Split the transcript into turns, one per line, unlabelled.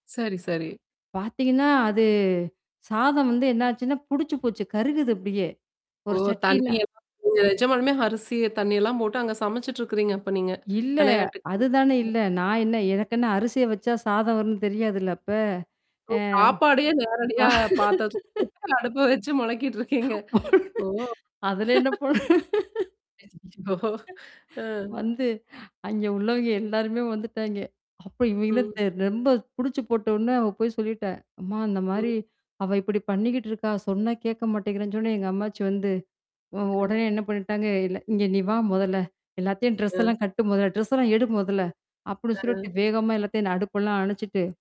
சரி, சரி.
பார்த்தீங்கன்னா, அது சாதம் வந்து என்னாச்சுன்னா புடிச்சு போச்சு கருகுது அப்பிடியே?
ஓ!
ஒரு சட்டில
தண்ணீயெல்லாம் [unintelligible] நீங்க நிஜமாலுமே அரிசி தண்ணீயெல்லாம் போட்டு அங்க சமைச்சுட்டு இருக்கிறீங்க அப்ப நீங்க!
இல்ல.
விளையாட்டுக்குன்னு
அதுதான
அ.
இல்ல. நான் என்ன எனக்கென்ன அரிசிய வச்சா சாதம் வரும்ன்னு தெரியாதுல்ல அப்ப?
ஓ!
அ.
சாப்பாடே
வ.
நேரடியா பாத்தரத்ல போட்டு அடுப்புல வச்சு மொளக்கிட்டு இருக்கீங்க. ஓ!
அதல என்ன பொ
ஓ! அ.
வந்து அங்கே உள்ளவங்க எல்லாருமே வந்துட்டாங்க. அப்ப இவங்க என்ன
ம்.
தெர் ரொம்ப புடிச்சு போட்டோன அவ போய் சொல்லிட்டேன். "அம்மா
ம்.
இந்தமாரி. அவ இப்பிடி பண்ணிக்கிட்டு இருக்கா! சொன்னா கேட்க மாட்டேங்கிறேன்னு" சொன்னோன எங்க அம்மாச்சி வந்து. உ
அ.
உடனே என்ன பண்ணிட்டாங்க, இல்ல "இங்க நீ வா! முதல்ல. எல்லாத்தையும் ட்ரெஸ்
அ.
எல்லாம் கட்டு முத. ட்ரெஸ்ல்லாம் எடு முதல்ல." அப்பிடின்னு சொல்லிட்டு
அ.
வேகமா எல்லாத்தையும் நான் அடுப்பெல்லாம் அணச்சுட்டு